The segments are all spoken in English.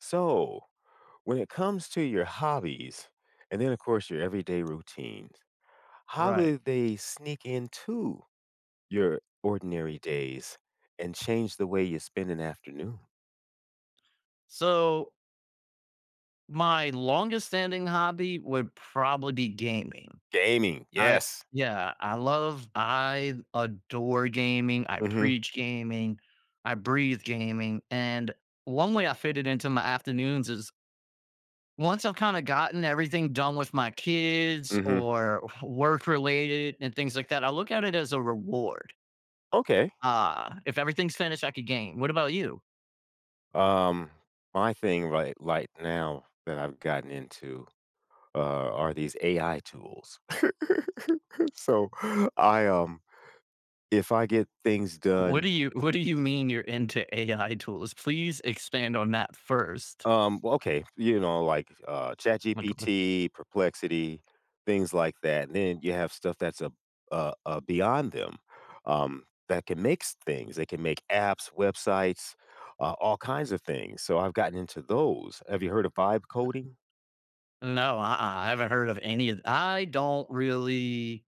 So, when it comes to your hobbies, and then, of course, your everyday routines, how Right. do they sneak into your ordinary days and change the way you spend an afternoon? So my longest standing hobby would probably be gaming. Gaming. I Yes. yeah. I love I adore gaming, I Mhm. preach gaming, I breathe gaming, and 1 way I fit it into my afternoons is once I’ve kinda gotten everything done with my kids Mhm. or work-related and things like that, I look at it as a reward. Okay. Uh, if everything's finished, I could game. What about you? Um, my thing right like now, that I’ve gotten into a are these AI tools. So, I, um if I get things What do done you what do you mean you’re into AI tools? Please expand on that first. Um, well, okay. You know, like, uh, [unintelligible] ChatGPT, Perplexity, things like that. Then you have stuff that’s, uh uh uh, beyond them, um, that can mix things. They can make apps, websites, a all kinds of things. So, I’ve gotten into those. Have you heard of vibe coding? [unintelligible] No, uh-uh, I haven’t heard of any of I don’t really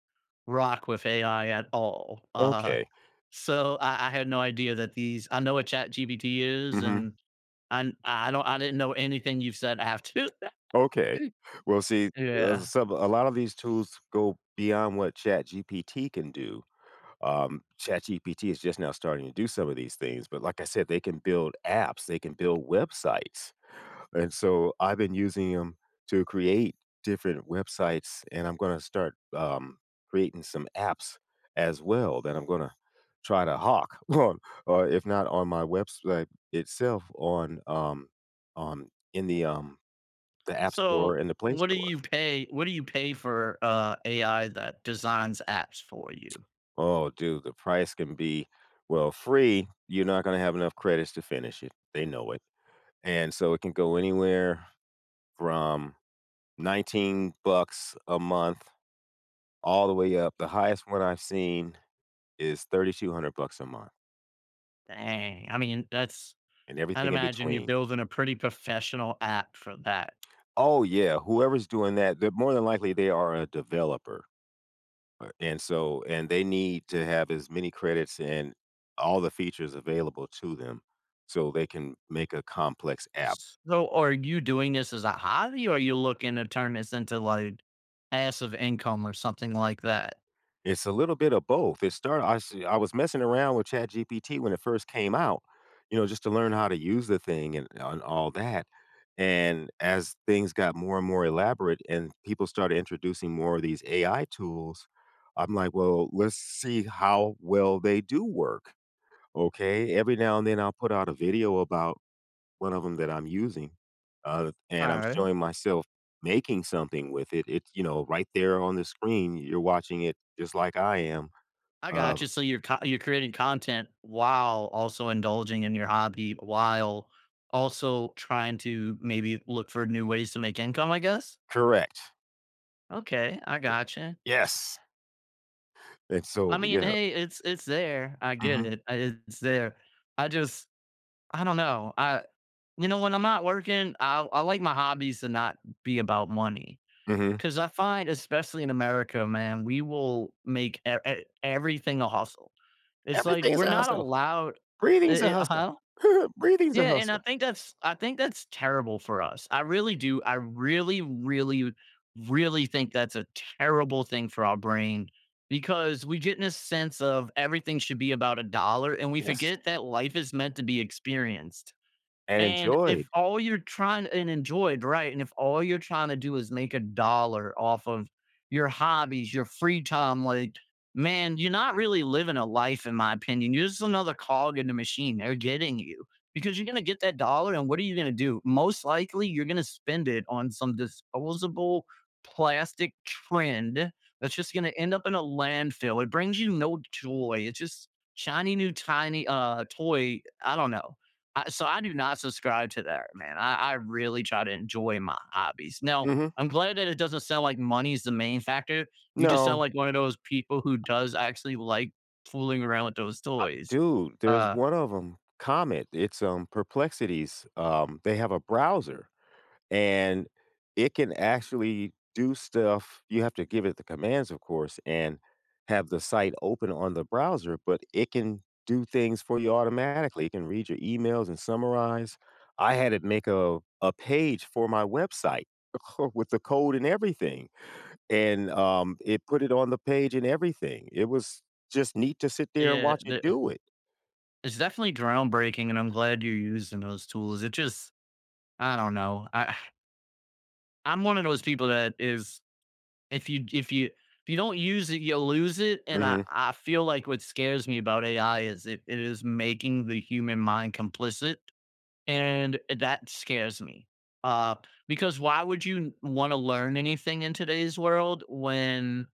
rock with AI at all. Uh, Okay. so I I had no idea that these I know what ChatGPT is, and Mhm. I'm I don’t I didn’t know anything you’ve said after that. Okay. Well, see, uh, Yeah. some a lot of these tools go beyond what ChatGPT can do. Um, ChatGPT is just now starting to do some of these things, but like I said, they can build apps, they can build websites. And so, I’ve been using ’em to create different websites, and I’m gonna start, um, creating some apps as well that I’m gonna try to hock. Or if not on my website itself, on, um, on in the, um, the App Store So, and the Play what do Store. you pay what do you pay for, uh, AI that designs apps for you? Oh, dude, the price can be well, free. You're not gonna have enough credits to finish it. They know it. And so, it can go anywhere from $19 bucks a month, all the way up the highest one I've seen is $3,200 bucks a month. Dang. I mean, that's And I'd everything in imagine you're between. building a pretty professional app for that. Oh, yeah. Whoever's doing that, they're more than likely, they are a developer. Uh, and so, and they need to have as many credits and all the features available to them, so they can make a complex app. So, are you doing this as a hobby, or are you looking to turn this into, like, passive income or something like that? It's a little bit of both. It start I see I was messing around with ChatGPT when it first came out, you know, just to learn how to use the thing and and all that. And as things got more and more elaborate and people started introducing more of these AI tools, I'm like, "Well, let's see how well they do work." Okay? Every now and then, I'll put out a video about one of 'em that I'm using, uh, and I'm Alright. showing myself making something with it. It's, you know, right there on the screen, you're watching it just like I am. I Um gotcha. So, you're co you're creating content, while also indulging in your hobby, while also trying to maybe look for new ways to make income, I guess? Correct. Okay, I Y gotcha. yes. And I so mean, yeah hey, it's it's there. I get Mhm. it. I It's there. I just, I don't know. I you know, when I'm not working, I I like my hobbies to not be about money. Mhm. 'Cause I find, especially in America, man, we will make e e everything a hustle. It's like Everything is we're a not hustle. allowed Breathing's a eh eh hustle. huh? Breathing's a Yeah, and I hustle. think that's I think that's terrible for us, I really do. I really, really, really think that's a terrible thing for our brain, because we get in a sense of everything should be about a dollar, and we Yes. forget that life is meant to be experienced. And And enjoyed. if all you're trying and enjoyed, right, and if all you're trying to do is make a dollar off of your hobbies, your free time like, man, you're not really living a life, in my opinion. You're just another cog in the machine, they're getting you. Because you're gonna get that dollar, and what are you gonna do? Most likely, you're gonna spend it on some disposable plastic trend, that's just gonna end up in a landfill. It brings you no joy, it's just shiny new tiny, uh, toy. I don't know. I so I do not subscribe to that, man. I I really try to enjoy my hobbies. Now, Mhm. I'm glad that it doesn't sound like money is the main factor. You just sound No. like one of those people who does actually like fooling around with those Uh, toys, dude, there's uh one of 'em, Comet, it's um, Perplexities. Um, they have a browser, and it can actually do stuff. You have to give it the commands, of course, and have the site open on the browser, but it can do things for you automatically. It can read your emails and summarize. I had it make a a page for my website, uh, co with the code and everything, and, um, it put it on the page and everything. It was just neat to sit there and Yeah. watch it The, eh do it. it's definitely groundbreaking, and I'm glad you're using those tools. It just, I don't know. I I'm one of those people that is, if you if you if you don't use it, you'll lose it. And I Mhm. I feel like what scares me about AI is it it is making the human mind complicit, and eh, that scares me. Uh, because why would you wanna learn anything in today's world when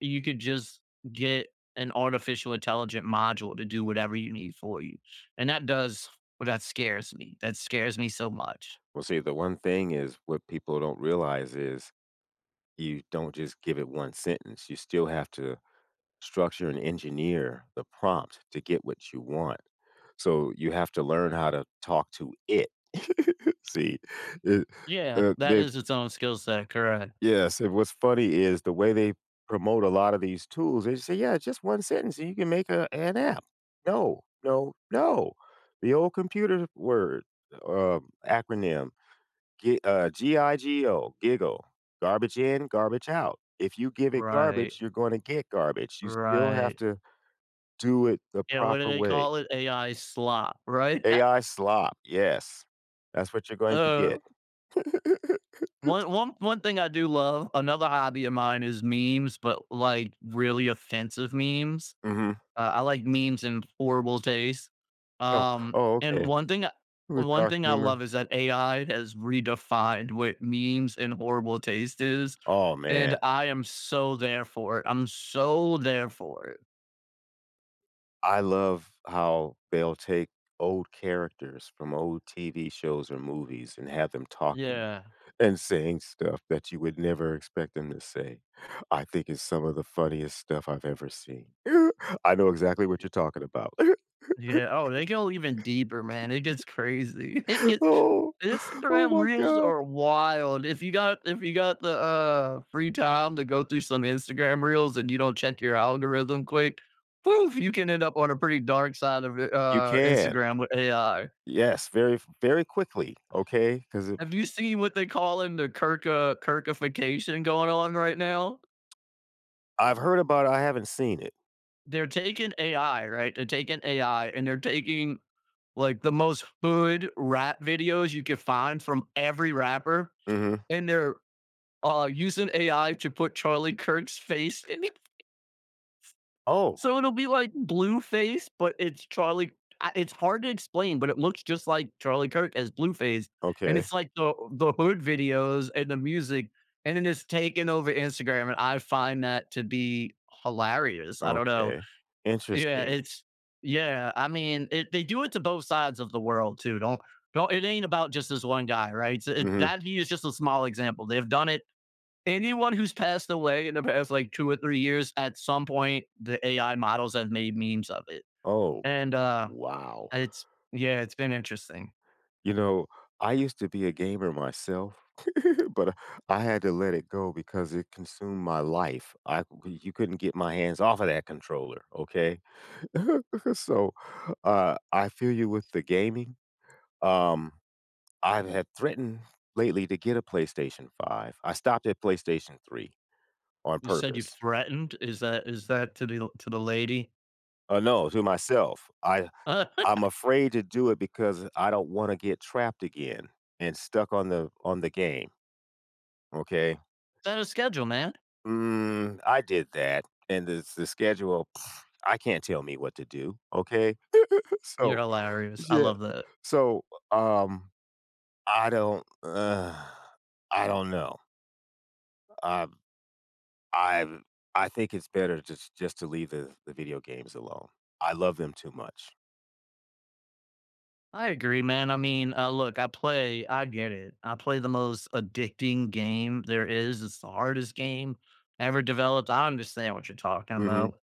you could just get an artificial intelligent module to do whatever you need for you? And that does well, that scares me. That scares me so much. Well, see, the 1 thing is what people don't realize is, you don't just give it 1 sentence, you still have to structure and engineer the prompt to get what you want. So you have to learn how to talk to it. See, it Yeah. uh That they is its own skill set, correct. Yes, and what's funny is the way they promote a lot of these tools, they say, "Yeah, it's just one sentence and you can make a an app." No, no, no. The old computer word or, um, acronym, g uh, G-I-G-O, GIGO. Garbage in, garbage out. If you give it garbage, Right. you're gonna get garbage. You still have Right. to do it the Yeah, what do proper they way. call it? AI slop, right? AI slop, yes. That's what you're going to get. Oh. One one one thing I do love another hobby of mine is memes, but, like, really offensive memes. Mhm. Uh, I like memes in horrible taste. Oh Um, oh, and okay. 1 thing With 1 dark thing I love humor. is that AI has redefined what memes and horrible taste is, Oh, and man. I am so there for it, I'm so there for it. I love how they'll take old characters from old TV shows or movies and have them talking Yeah. and saying stuff that you would never expect them to say; I think it's some of the funniest stuff I've ever seen. I know exactly what you're talking about. Yeah, oh, they go even deeper, man, it gets crazy, it gets Oh. Oh Instagram my reels god. are wild; if you got if you got the, uh, free time to go through some Instagram reels and you don't check your algorithm quick, poof, you can end up on a pretty dark side of I You uh, can. Instagram with AI. Yes, very f very quickly, okay? 'Cause i Have you seen what they call in the Kirk, uh, Kirkification going on right now? I've heard about I haven't seen it. They're taking AI, right? They're taking AI, and they're taking, like, the most hood rap videos you could find from every rapper, Mhm. and they're, uh, using AI to put Charlie Kirk's face in if Oh. So it'll be, like, Blueface, but it's Charlie uh, it's hard to explain, but it looks just like Charlie Kirk as Blueface, and Okay. it's, like, the the hood videos and the music, and then it's taken over Instagram, and I find that to be hilarious, I don't know. Okay. Y yeah, Interesting. it's yeah, I mean, it they do it to both sides of the world, too. Don't don't it ain't about just this one guy, right? So, Mhm. that he is just a small example, they've done it anyone who's passed away in the past, like, 2 or 3 years, at some point, the AI models have made memes of it. Oh. And, uh, Wow. it's yeah, it's been interesting. You know, I used to be a gamer myself. But, uh, I had to let it go because it consumed my life; I you couldn't get my hands off of that controller, okay? So, uh, I feel you with the gaming. Um, I've had threatened lately to get a PlayStation 5. I stopped at PlayStation 3, on You said you've purpose. threatened, is that is that to the to the lady? Oh, no, to myself, I I'm afraid to do it because I don't wanna get trapped again and stuck on the on the game. Okay? Set a schedule, man. Mm, I did that, and this the schedule, pfft, I can't tell me what to do. Okay? So You're hilarious. I Yeah. love that. So, uh, um, I don't I don't know. I've I've I think it's better just just to leave the the video games alone. I love them too much. I agree, man. I mean, uh, look I play I get it, I play the most addicting game there is, it's the hardest game ever developed, I understand what you're talking Mhm, about.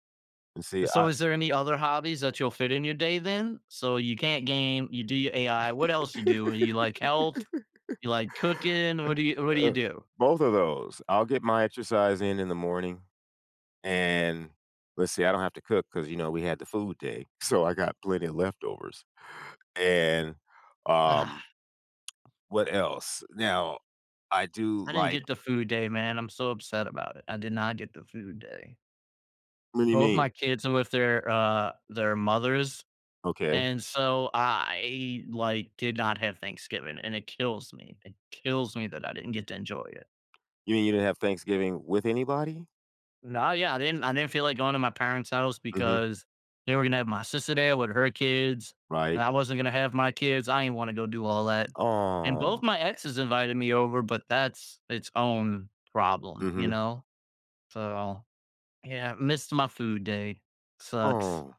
and Uh, see so I is there any other hobbies that you'll fit in your day then? So you can't game, you do your AI, what else you do? Well you like health? You like cooking, Uh what do you what do you uh, do? both of those I'll get my exercise in in the morning, and Let's see I don't have to cook 'cause, you know, we had the food day, so I got plenty of leftovers, and, Uh-huh. um, what else? Now, I do I didn't like get the food day man, I'm so upset about it, I did not get the food day. What do you Both mean? my kids are with their, uh, their mothers, Okay. and so I, like, did not have Thanksgiving, and it kills me. It kills me that I didn't get to enjoy it. You mean you didn't have Thanksgiving with anybody? Nah, yeah, I didn't I didn't feel like going to my parents' house, Mhm. because, they were gonna have my sister there with her kids, Right. and I wasn't gonna have my kids, I ain't wanna go do all that, and both Aw. my exes invited me over, but that's its own problem, you Mhm. know? So, yeah, missed my food day. Sucks. Aw.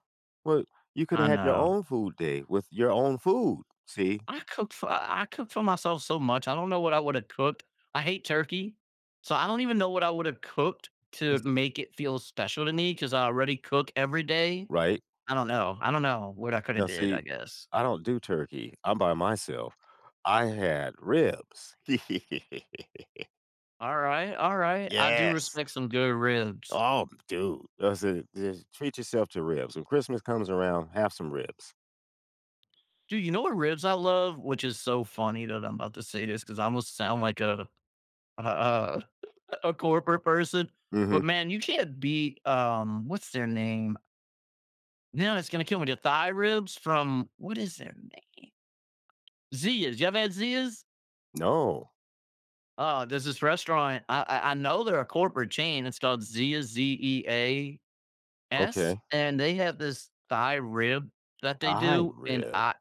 Well, you coulda I had your know. own food day with your own food, see? I cook for I I cook for myself so much, I don't know what I woulda cooked. I hate turkey, so, I don't even know what I would've cooked to make it feel special to me 'cause I already cook every day. Right? I don't know I don't know what I coulda Now, did, I see, guess. I don't do turkey. I'm by myself, I had ribs. Alright, alright, I do Yes! respect some good ribs. Oh, b dude. I said, "Just treat yourself to ribs. When Christmas comes around, have some ribs." Dude, you know what ribs I love? Which is so funny that I'm 'bout to say this, 'cause I almost sound like a a a a corporate person, but, Mhm. man, you can't beat, um, what's their name? You know, it's gonna kill with their Thai ribs from What is their name? Zea's. You ever had Zea's? No. Oh, there's this restaurant, I I I know they're a corporate chain, it's called Zea, Z-E-A-S? Okay. And they have this Thai rib that they Thai do, and, rib. uh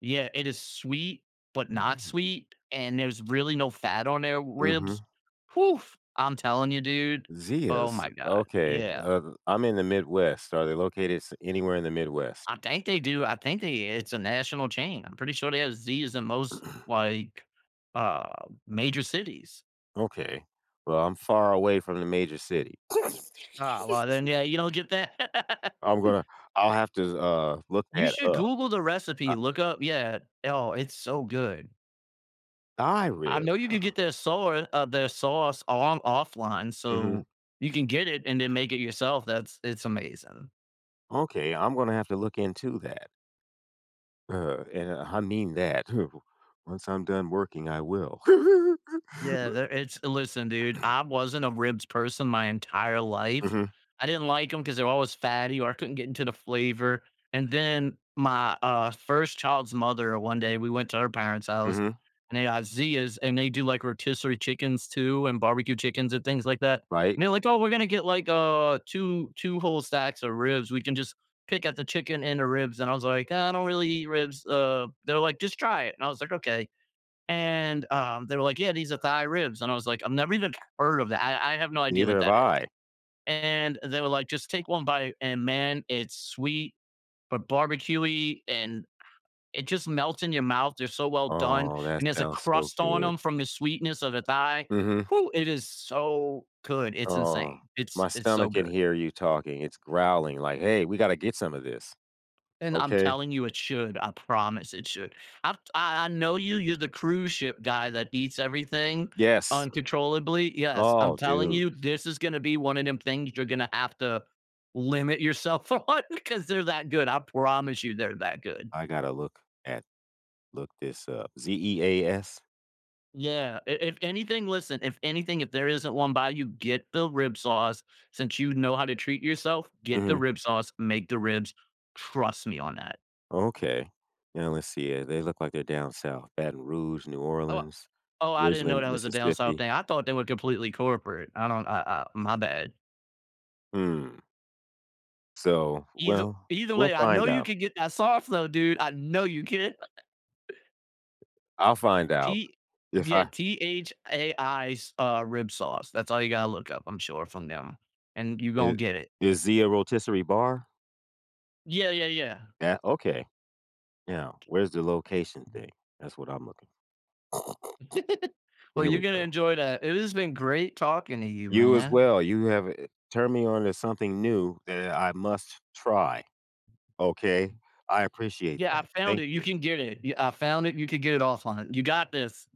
Yeah. It is sweet, but not Mm. sweet, and there's really no fat on their ribs. Mhm. Oof! I'm telling you, dude, oh Zea’s? my god. Okay, Yeah. uh I'm in the Midwest. Are they located s anywhere in the Midwest? I think they do, I think they it's a national chain, I'm pretty sure they have Zea’s in most, like, uh, major cities. Okay. Well, I'm far away from the major city. Ah, well, then, yeah, you don't get that. I'm gonna I'll have to s uh, look You that should up. Google the Uh recipe, look up Yeah. Oh, it's so good. Thai I rib. know you can get their saur uh, their sauce on offline, Mhm. so you can get it and then make it yourself, that's It's amazing. Okay, I'm gonna have to look into that. Huh, and I mean that too. Once I'm done working, I will. Yeah, Wha there it's listen, dude, I wasn't a ribs person my entire life. Mhm. I didn't like 'em 'cause they're always fatty or I couldn't get into the flavor, and then my, uh, first child's mother, one day, we went to her parents' house, Mhm. and they had Zea's, and they do, like, rotisserie chickens too and barbecue chickens and things like that, Right. and they're like, "Oh, we're gonna get, like, uh, 2- 2 whole stacks of ribs, we can just pick out the chicken and the ribs." And I was like, "I don't really eat ribs, uh" They're like, "Just try it." And I was like, "Okay." And, um, they were like, "Yeah, these are thigh ribs." And I was like, "I've never even heard of that I I have no idea Neither what have that is." I. And they were like, "Just take one bite." And, man, it's sweet but barbecue-y, and, it just melts in your mouth, they're so well done, Oh, that and there's a sounds so crust on good. 'em from the sweetness of the thigh. Mhm. Hoo, it is so good, it's Oh, insane. It's my it's so stomach can good. hear you talking. It's growling like, "Hey, we gotta get some of this. And I'm Okay?" telling you, it should, I promise it should. I t I I know you, you're the cruise ship guy that eats everything Yes. uncontrollably yes, I'm Oh, telling dude. you, this is gonna be one of 'em things you're gonna have to limit yourself on 'cause they're that good, I promise you they're that good. I gotta look at look this up. Z-E-A-S? Yeah. I if anything listen, if anything, if there isn't 1 by you, get the rib sauce, since you know how to treat yourself, get the Mhm. rib sauce, make the ribs. Trust me on that. Okay. Now let's see, yeah, they look like they're down south, Baton Rouge, New Oh Orleans, Oh, I didn't originally know that was a down south Mississippi. thing, I thought they were completely corporate. I don't I I my bad. Mm. So, Either well, either we'll way, I find know you out. can get that sauce, though, dude. I know you can. I'll find out. T If Yeah. I T-H-A-I's, uh, rib sauce. That's all you gotta look up, I'm sure, from them. And you I gonna get it. Is Zea a rotisserie bar? Yeah, yeah, yeah. Yeah? Okay. Yeah, where's the location thing? That's what I'm looking Well, Here you're we gonna go. enjoy that. It has been great talking to you, You as man. well. You have, uh turned me on to something new and I must try. Okay? I appreciate Yeah, I that, found thank it. You you. can get it. Ye I found it, you could get it offline. You got this.